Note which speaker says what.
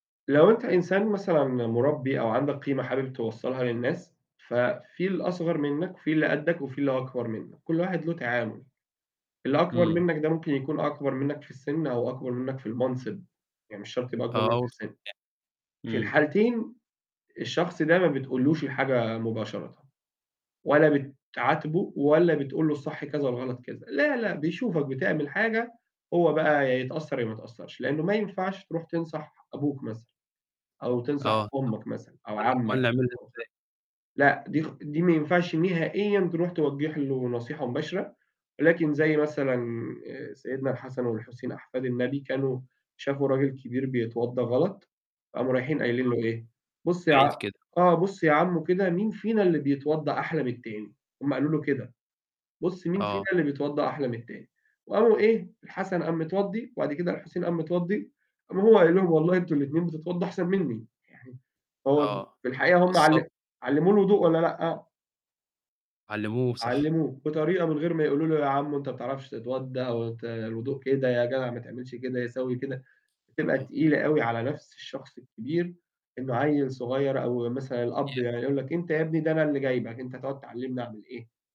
Speaker 1: لو أنت إنسان مثلًا م مُربي أو عندك قيمة حابب توصّلها للناس، ففي الأصغر منك، في اللي قدّك وفي اللي أكبر منك، كل واحد له تعامل. اللي أكبر
Speaker 2: إمم.
Speaker 1: منك ده ممكن يكون أكبر منك في السِن أو أكبر منك في المنصب، يعني مش شرط يبقى أكبر منك في
Speaker 2: آه، [unintelligible]
Speaker 1: السِن. في
Speaker 2: إمم.
Speaker 1: الحالتين الشخص ده ما بتقولوش الحاجة مباشرةً، ولا بتعاتبه ولا بتقول له الصح كذا والغلط كذا. لا لأ، بيشوفك بتعمل حاجة، هو بقى هيتأثر يا ما يتأثرش؛ لأنه ما ينفعش تروح تنصح أبوك مثلًا، أو تنصح
Speaker 2: آه بالضبط
Speaker 1: أمك مثلًا أو
Speaker 2: قل لي قل
Speaker 1: عمّك
Speaker 2: لي أعملها
Speaker 1: [unintelligible]
Speaker 2: إزاي؟
Speaker 1: لأ، دي خ دي ما ينفعش نهائيًا تروح توجه له نصيحة مباشرة، لكن زي مثلًا آآ، سيدنا الحسن والحسين أحفاد النبي كانوا شافوا راجل كبير بيتوضا غلط، فقاموا رايحين قايلين
Speaker 2: [unintelligible]
Speaker 1: له إيه: "بص
Speaker 2: من
Speaker 1: يا
Speaker 2: بعيد
Speaker 1: ع
Speaker 2: كده.
Speaker 1: آه، بص يا عمو كده مين فينا اللي بيتوضا أحلى من التاني،" هم قالوا له كده، "بص مين فينا
Speaker 2: آه.
Speaker 1: اللي بيتوضا أحلى من التاني،" وقاموا إيه، الحسن قام متوضي وبعد كده الحسين قام متوضي قام هو قايل لهم: "والله أنتم الاتنين بتتوضوا أحسن مني،" يعني هو
Speaker 2: آه
Speaker 1: في الحقيقة هم
Speaker 2: وصَّلوا
Speaker 1: عل علموه الوضوء والّا لأ؟
Speaker 2: علموه صح.
Speaker 1: علموه، بطريقة من غير ما يقولوا له يا عمو أنت ما بتعرفش تتوضا، أو أنت الوضوء كده يا جدع ما تعملش كده، يسَوي كده. بتبقى
Speaker 2: آه.
Speaker 1: تقيلة أوي على نفس الشخص الكبير، إنه عيل صغير أو مثلًا الأب
Speaker 2: [unintelligible]
Speaker 1: يعني يقول لك: "أنت يا ابني ده أنا اللي جايبك، أنت هتقعد تعلمني اعمل إيه!"